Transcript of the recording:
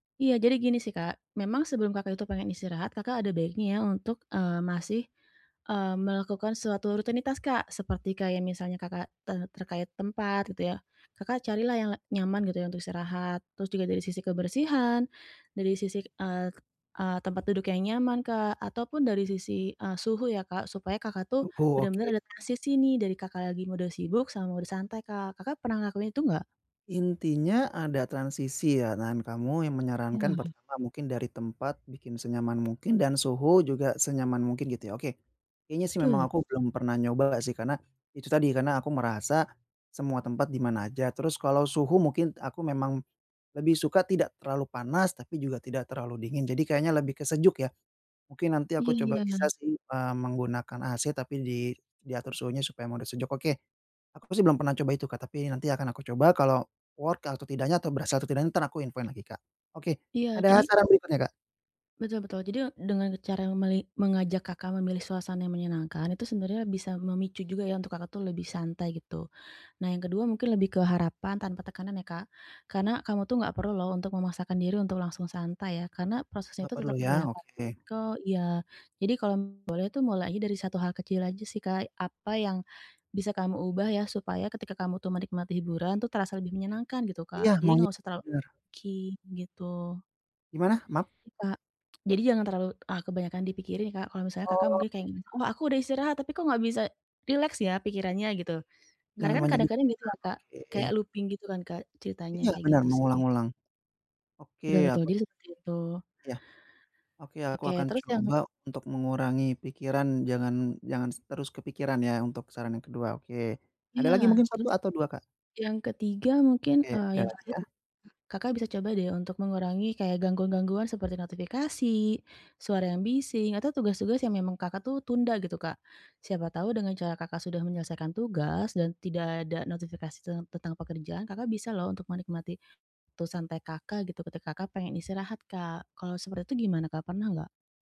Iya, jadi gini sih Kak, memang sebelum Kakak itu pengen istirahat Kakak ada baiknya ya untuk, eee, masih, eee, melakukan suatu rutinitas Kak seperti kayak misalnya Kakak, eee, terkait tempat gitu ya. Kakak carilah yang la nyaman gitu ya untuk istirahat, terus juga dari sisi kebersihan, dari sisi, eee eee, tempat duduk yang nyaman Kak, ataupun dari sisi, eee, suhu ya Kak, supaya Kakak tuh Suhu oke. bener-bener adaptasi sih nih dari Kakak lagi mode sibuk, sama mode santai Kak. Kakak pernah ngelakuin itu nggak? Intinya ada transisi ya dan kamu yang menyarankan Iya. pertama mungkin dari tempat bikin senyaman mungkin dan suhu juga senyaman mungkin gitu ya, oke. Kayaknya sih Betul. memang aku belum pernah nyoba nggak sih karena, itu tadi karena aku merasa semua tempat di mana aja, terus kalau suhu mungkin aku memang lebih suka tidak terlalu panas, tapi juga tidak terlalu dingin, jadi kayaknya lebih ke sejuk ya. Mungkin nanti aku coba bisa Iya. sih, eee, menggunakan AC tapi di diatur suhunya supaya mode sejuk, oke. Aku sih belum pernah coba itu Kak, tapi nanti akan aku coba kalau work atau tidaknya atau berasa atau tidaknya entar aku infoin lagi Kak, oke, Iya, ada jadi saran berikutnya Kak? Betul betul, jadi, eee, dengan cara meli mengajak Kakak memilih suasana yang menyenangkan itu sebenarnya bisa memicu juga ya untuk Kakak tuh lebih santai gitu. Nah yang kedua mungkin lebih ke harapan tanpa tekanan ya Kak, karena kamu tuh gak perlu loh untuk memaksakan diri untuk langsung santai ya, karena prosesnya Enggak itu perlu tetap ya, boleh apa oke. [unintelligible] kok iya, jadi kalau boleh tuh mulai aja dari 1 hal kecil aja sih Kak, apa yang bisa kamu ubah ya, supaya ketika kamu tuh menikmati hiburan tuh terasa lebih menyenangkan gitu Iya, Kak, jadi maunya, enggak usah terlalu bener. [unintelligible] gitu. Gimana? Maaf. I Kak, jadi jangan terlalu, ah, kebanyakan dipikirin Kak, kalau misalnya Kakak Oh. mungkin kayak gini, "Oh, aku udah istirahat tapi kok gak bisa rileks ya pikirannya?" Gitu, karena Jangan kan banyak kadang-kadang gitu ya dipikirkan, Kak, kayak oke. looping gitu kan Kak, ceritanya Iya, kayak benar, gitu sih. mengulang-ngulang, oke, Betul ya, betul, aku jadi seperti itu. Iya, oke, aku Oke, akan terus yang coba untuk mengurangi pikiran jangan jangan terus kepikiran ya untuk saran yang kedua oke. Ada Iya, lagi mungkin 1 terus, atau 2 Kak? yang ketiga mungkin, Oke, eee, ada yang lagi terakhir nih. ah? Kakak bisa coba deh untuk mengurangi kayak gangguan-gangguan seperti notifikasi, suara yang bising, atau tugas-tugas yang memang Kakak tuh tunda gitu Kak. Siapa tahu dengan cara Kakak sudah menyelesaikan tugas dan tidak ada notifikasi ten tentang pekerjaan Kakak bisa loh untuk menikmati waktu santai Kakak gitu, ketika Kakak pengen istirahat Kak. Kalau seperti itu gimana Kak? Pernah gak?